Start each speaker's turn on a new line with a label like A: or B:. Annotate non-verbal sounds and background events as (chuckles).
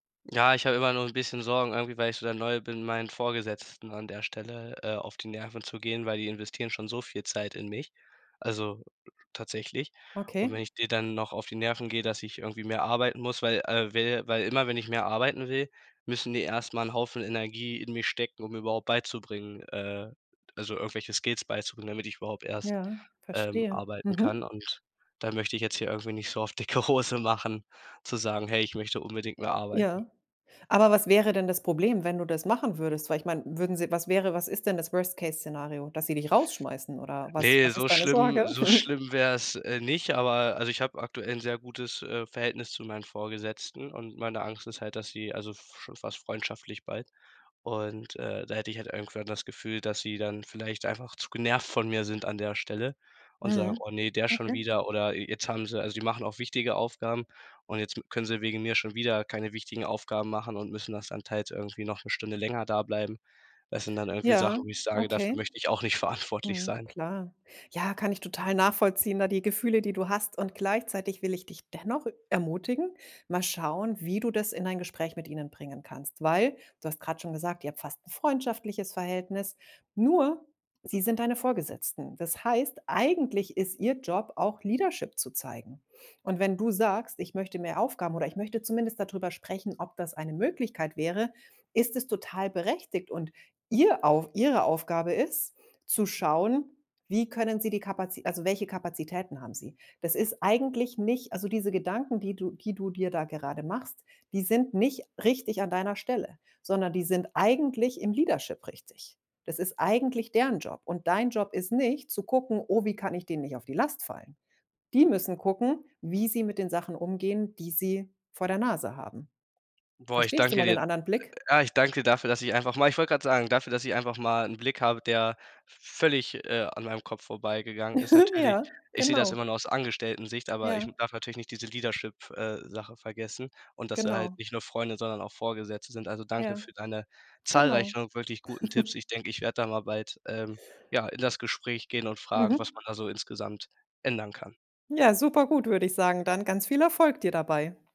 A: Ja, ich habe immer nur 'n bisschen Sorgen irgendwie, weil ich so dann neu bin, meinen Vorgesetzten an der Stelle, äh, auf die Nerven zu gehen, weil die investieren schon so viel Zeit in mich, also tatsächlich. Und wenn
B: Okay.
A: ich den dann noch auf die Nerven gehe, dass ich irgendwie mehr arbeiten muss, weil äh, will weil immer wenn ich mehr arbeiten will, müssen die erst mal 'n Haufen Energie in mich stecken, um mir überhaupt beizubringen, äh also, irgendwelche Skills beizubringen, damit ich überhaupt erst,
B: Ja,
A: ähm,
B: verstehe.
A: arbeiten kann
B: Mhm.
A: und dann möchte ich jetzt hier irgendwie nicht so auf dicke Hose machen zu sagen: „Hey, ich möchte unbedingt mehr arbeiten.“
B: Ja. Aber was wäre denn das Problem, wenn du das machen würdest? Weil ich meine, würden sie was wäre was ist denn das Worst-Case-Szenario? Dass sie dich rausschmeißen oder was
A: Ne,
B: was
A: so
B: ist deine
A: schlimm
B: Sorge?
A: so
B: (chuckles)
A: schlimm wäre es, äh, nicht, aber also ich hab aktuell 'n sehr gutes, äh, Verhältnis zu meinen Vorgesetzten und meine Angst ist halt, dass sie also f schon fast freundschaftlich bald und, äh, da hätte ich halt irgendwann das Gefühl, dass sie dann vielleicht einfach zu genervt von mir sind an der Stelle und sagen:
B: Mhm.
A: „Oh ne, der schon
B: Okay.
A: wieder“ oder je jetzt haben sie also, sie machen auch wichtige Aufgaben und jetzt m können sie wegen der schon wieder keine wichtigen Aufgaben machen und müssen das dann teils irgendwie noch 'ne Stunde länger dableiben. Das sind dann irgendwie Sachen,
B: Ja,
A: wo ich sage: „dafür
B: okay.
A: möchte ich auch nicht verantwortlich
B: Mhm,
A: sein.“
B: klar. Ja, kann ich total nachvollziehen, da die Gefühle, die du hast. Und gleichzeitig will ich dich dennoch ermutigen, mal schauen, wie du das in ein Gespräch mit ihnen bringen kannst. Weil, du hast grad schon gesagt, ihr habt fast 'n freundschaftliches Verhältnis, nur sie sind deine Vorgesetzten. Das heißt, eigentlich ist ihr Job auch Leadership zu zeigen. Und wenn du sagst: „Ich möchte mehr Aufgaben oder ich möchte zumindest dadrüber sprechen, ob das eine Möglichkeit wäre“, ist es total berechtigt und ihr auf ihre Aufgabe ist zu schauen: Wie können sie die Kapazi also, welche Kapazitäten haben sie? Das ist eigentlich nicht also, diese Gedanken, die du die du dir da gerade machst, die sind nicht richtig an deiner Stelle, sondern die sind eigentlich im Leadership richtig. Das ist eigentlich deren Job. Und dein Job ist nicht, zu gucken: „Oh, wie kann ich denen nicht auf die Last fallen?“ Die müssen gucken, wie sie mit den Sachen umgehen, die sie vor der Nase haben.
A: Boah, ich
B: Verstehst du
A: danke
B: mal den
A: dir.
B: anderen Blick?
A: Ja, ich danke dafür, dass ich einfach mal Ich wollt grad sagen, dafür, dass ich einfach mal 'n Blick habe, der völlig, äh, an meinem Kopf vorbeigegangen ist.
B: (giggles)
A: Natürlich,
B: Ja,
A: ich sehe das immer
B: genau.
A: nur aus Angestelltensicht, aber ich
B: Ja.
A: darf natürlich nicht diese Leadership äh, Sache vergessen und, dass sie halt
B: Genau.
A: nicht nur Freunde, sondern auch Vorgesetzte sind. Also danke
B: Ja,
A: für deine
B: genau.
A: zahlreichen wirklich guten Tipps.
B: (giggles)
A: Ich denk, ich werde da mal bald, ähm, ja, in das Gespräch gehen und fragen, was
B: Mhm.
A: man da so insgesamt ändern kann.
B: Ja, super gut, würde ich sagen. Dann ganz viel Erfolg dir dabei.